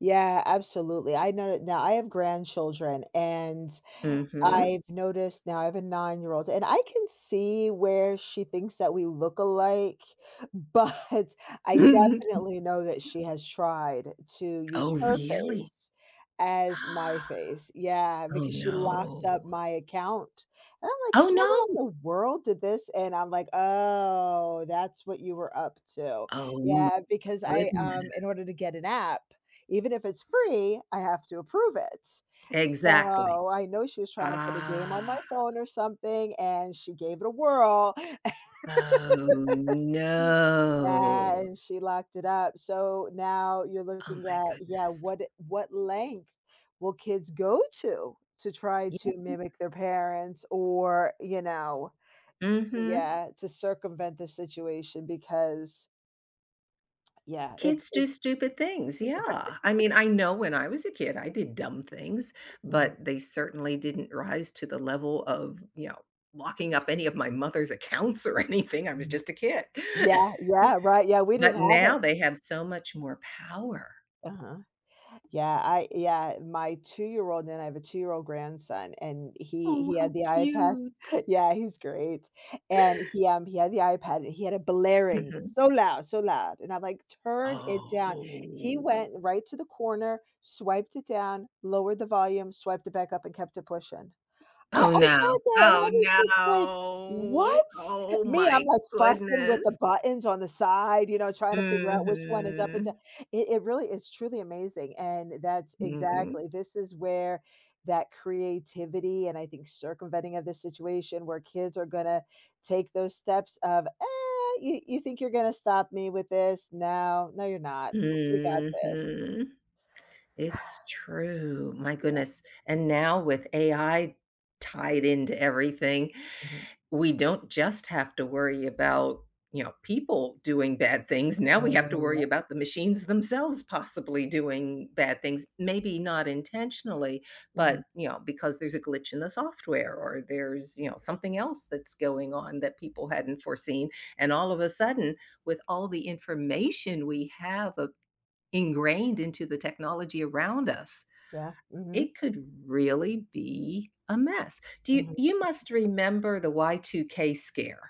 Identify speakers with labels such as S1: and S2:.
S1: Yeah, absolutely, I know that now, I have grandchildren, and
S2: Mhm.
S1: I've noticed now I have a nine-year-old, and I can see where she thinks that we look alike, but, I definitely know that she has tried to use
S2: Oh,
S1: her
S2: really.
S1: face as my
S2: Ah,
S1: face yeah,
S2: oh
S1: because she locked up
S2: no.
S1: my account, and I'm like,
S2: Oh
S1: "How in
S2: no.
S1: the world did this?" And I'm like, "Oh, that's what you were up to."
S2: Oh my
S1: Yeah, because I um, in
S2: goodness.
S1: order to get an app, even if it's free, I have to approve it,
S2: Exactly,
S1: so, I know she was trying to put a game on my
S2: ah.
S1: phone, or something, and she gave it a whirl.
S2: Oh,
S1: Yeah,
S2: no.
S1: and she locked it up, so, now you're
S2: Oh
S1: looking
S2: my
S1: at yeah,
S2: goodness.
S1: what what length will kids go to to try
S2: Yeah.
S1: to mimic their parents or you know
S2: Mhm.
S1: yeah, to circumvent the situation because Yeah, it's
S2: Kids do
S1: it
S2: stupid things, yeah, I mean, I know when I was a kid, I did dumb things,
S1: Mhm.
S2: but they certainly didn't rise to the level of, you know, locking up any of my mother's accounts or anything I was
S1: Mm,
S2: just a kid,
S1: yeah yeah, right, yeah, we
S2: but
S1: didn't have it.
S2: now they have so much more power.
S1: Uh-huh, yeah, I yeah, my two-year-old, and I have a two-year-old grandson, and he
S2: Oh,
S1: he had
S2: how
S1: the iPad.
S2: cute.
S1: Yeah, he's great, and he um, he had the iPad, and he had it blaring,
S2: Mhm.
S1: so loud so loud, and I'm like, "Turn it down." He
S2: Oh.
S1: went right to the corner, swiped it down, lowered the volume, swiped it back up, and kept it pushing. I I
S2: Oh no
S1: sat there, and I
S2: oh
S1: was just like,
S2: no.
S1: "What?"
S2: Oh
S1: Me, I'm
S2: my
S1: like fussing with the
S2: goodness.
S1: buttons on the side, you know, trying to figure out which one is up and down.
S2: Mhm.
S1: It it really is truly amazing, and that's
S2: Mhm.
S1: exactly this is where that creativity, and I think circumventing of this situation where kids are gonna take those steps of, "Uh, you you think you're gonna stop me with this? No no, you're not. W we got this."
S2: Mhm, it's true, my
S1: Yeah.
S2: goodness, and now with AI tied into everything.
S1: Mhm.
S2: We don't just have to worry about, you know, people doing bad things. Now we have
S1: Oh,
S2: to
S1: yeah.
S2: worry about the machines themselves possibly doing bad things, maybe not intentionally, but,
S1: Mhm.
S2: you know, because there's a glitch in the software, or there's, you know, something else that's going on that people hadn't foreseen, and all of a sudden, with all the information we have, uh, ingrained into the technology around us,
S1: Yeah, mhm.
S2: it could really be a mess. Do you
S1: Mhm.
S2: you must remember the Y2K scare.